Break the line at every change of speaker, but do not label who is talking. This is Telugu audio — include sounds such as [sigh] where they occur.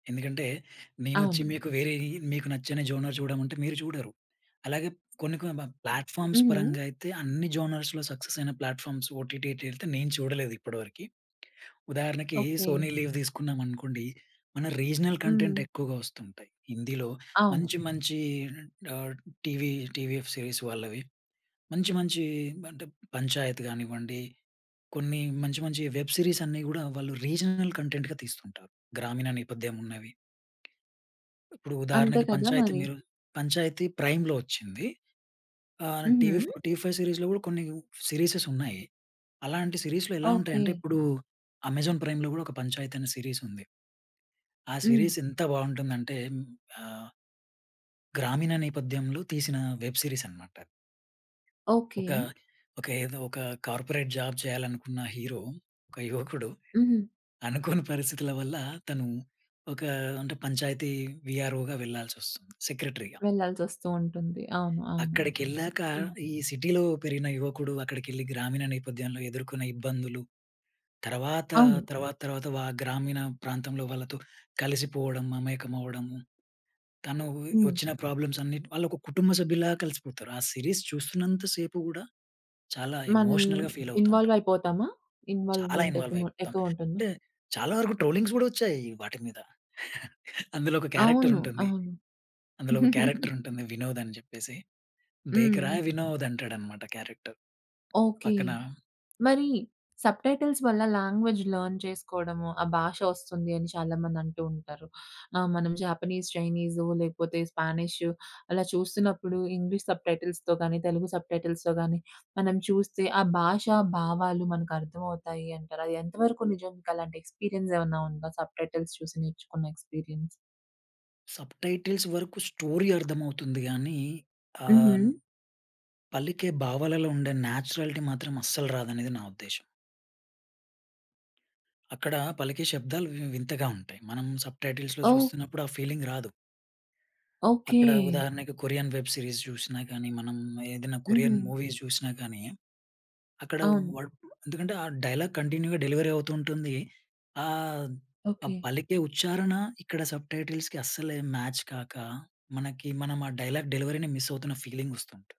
ఎందుకంటే నేనొచ్చి
అవును.
మీకు వేరేయి మీకు నచ్చని జోనర్ జూడమంటే మీరు జూడరు. అలాగే కొన్ని కొన్ని బం ప్లాట్‌ఫామ్స్
హుహు.
పరంగా అయితే అన్ని జోనర్స్‌లో సక్సెస్ అయిన ప్లాట్‌ఫామ్స్ ఓటీటీటీల్తే నేను చూడలేదు ఇప్పడివరకి. ఉదాహరణకి సోనీ
ఓకే.
లీవ్ దీసుకున్నామనుకోండి, మన రీజనల్ కంటెంట్
హ్మ్.
ఎక్కువగా వస్తుంటయి. హిందీలో
అవును.
మంచి మంచి ఆహ్, టీవీ టీవీఎఫ్ సీరీస్ వాళ్ళవి. మంచి మంచి అంటే, పంచాయత్ గానివ్వండి. కొన్ని మంచి మంచి వెబ్ సీరీస్ అన్నీ గూడా వాళ్ళు రీజనల్ కంటెంట్‌గా తీస్తుంటారు. గ్రామీణ నేపథ్యం ఉన్నవి. ఇప్పుడు
అంతే
ఉదాహరణకి
కదా
పంచాయతి
మరి.
మీరు పంచాయతీ ప్రైమ్‌లో వచ్చింది. ఆహ్, టీవీ ఫో
హుహు.
టీవీ ఫైవ్ సీరీస్‌లో గూడా కొన్ని సీరీసెస్ ఉన్నాయి. అలాంటి సీరీస్‌లో ఎలా ఉంటాయంటే
ఓకే.
ఇప్పుడు అమెజాన్ ప్రైమ్‌లో గూడా ఒక పంచాయత్ అనే సీరీస్ ఉంది. ఆ
హ్మ్.
సిరీస్ ఎంత బావుంటుందంటే హ్మ్. ఆహ్ గ్రామీణ నేపథ్యంలో తీసిన వెబ్ సీరీస్ అనమాట.
ఓకే.
ఒక, ఒక ఏదో ఒక కార్పొరేట్ జాబ్ చేయాలనుకున్న హీరో, ఒక యువకుడు,
హుహు.
అనుకోని పరిస్థితుల వల్ల తను ఒక అంటే పంచాయతీ వీఆర్‌ఓ‌గా వెళ్ళాల్సి ఒస్తుంది. సెక్రట్రిగా.
వెళ్ళాల్సి వస్తూ ఉంటుంది. అవును. అవును.
అక్కడికెళ్ళాక
హ్మ్.
ఈ సిటీలో పెరిగిన యువకుడు అక్కడికెళ్ళి గ్రామీణ నేపథ్యంలో ఎదుర్కొన్న ఇబ్బందులు, తరవాత,
అవును.
తర్వాత, తర్వాత వా గ్రామీణ ప్రాంతంలో వాళ్ళతో కలిసిపోవడం, మమేకం అవ్వడము, తనూవి
హ్మ్.
వచ్చిన ప్రాబ్లమ్స్ అన్నిటి వాళ్ళు ఒక కుటుంబ సభ్యుల్లా కలిసిపోతారు. ఆ సిరీస్ చూస్తున్నంత సేపు గూడా చాలా
మనల్
ఎమోషనల్‌గా ఫీల్ అవుతుంటాం.
ఇన్‌వాల్వ్ అయిపోతామా?
చాలా
ఇన్‌వాల్వ్‌మెంట్
ఇన్‌వాల్వ్
ఎకుమా
అయిపోతాం.
ఎక్కువుంటుందా?
అంటే చాలా వరకు ట్రోలింగ్స్ గూడా వచ్చాయి వాటి మీద. [chuckles] అందులో ఒక క్యారెక్టర్
అవును.
ఉంటుంది,
అవును.
అందులో ఒక క్యారెక్టర్
[giggles]
ఉంటుంది. 'వినోద్' అని జెప్పేసి, దేకరా
హ్మ్.
వినోద్! అంటాడనమాట క్యారెక్టర్.
ఓకే.
పక్కన
మరి సబ్ టైటిల్స్ వల్ల లాంగ్వేజ్ లెర్న్ చేసుకోవడము, ఆ భాష వస్తుంది, అని చాలా మంది అంటూ ఉంటారు. ఆ! మనం జాపనీస్, చైనీసో లేకపోతే స్పానిషు అలా చూస్తున్నప్పుడు ఇంగ్లీష్ సబ్ టైటిల్స్‌తో గాని, తెలుగు సబ్ టైటిల్స్‌తో గాని మనం చూస్తే ఆ భాషా భావాలు మనకు అర్థమవుతాయి అంటారా? అది ఎంత వరకు నిజం? మీకు అలాంటి ఎక్స్‌పీరియన్స్ ఏవన్నా ఉందా సబ్ టైటిల్స్ చూసి నేర్చుకున్న ఎక్స్‌పీరియన్స్?
సబ్ టైటిల్స్ వరుకు స్టోరీ అర్థమవుతుంది గానీ, ఆహ్,
హుహు.
పలికే భావాలలో ఉండే న్యాచురాలిటీ మాత్రం అస్సలు రాదనేది నా ఉద్దేశ్యం. అక్కడ పలికే శబ్దాలు వి వింతగా ఉంటాయి. మనం సబ్ టైటిల్స్‌లో
ఓహ్!
జూస్తున్నప్పుడు ఆ ఫీలింగ్ రాదు.
ఓకే.
అక్కడ ఉదాహరణకి కొరియన్ వెబ్ సీరీస్ జూసినా గానీ మనం ఏదన్నా కొరియన్
హుహు.
మూవీస్ జూసినా కానీ, అక్కడ
అవును.
వాడు ఎందుకంటే ఆ డైలాగ్ కంటిన్యూ‌గా డెలివరీ అవుతూ ఉంటుంది. ఆహ్, ఆ
ఓకే.
పలికే ఉచ్చారణ ఇక్కడ సబ్ టైటిల్స్‌కి అస్సలేం మ్యాచ్ కాక, మనకి మనం ఆ డైలాగ్ డెలివరీ‌ని మిస్ అవుతున్న ఫీలింగ్ వస్తుంటు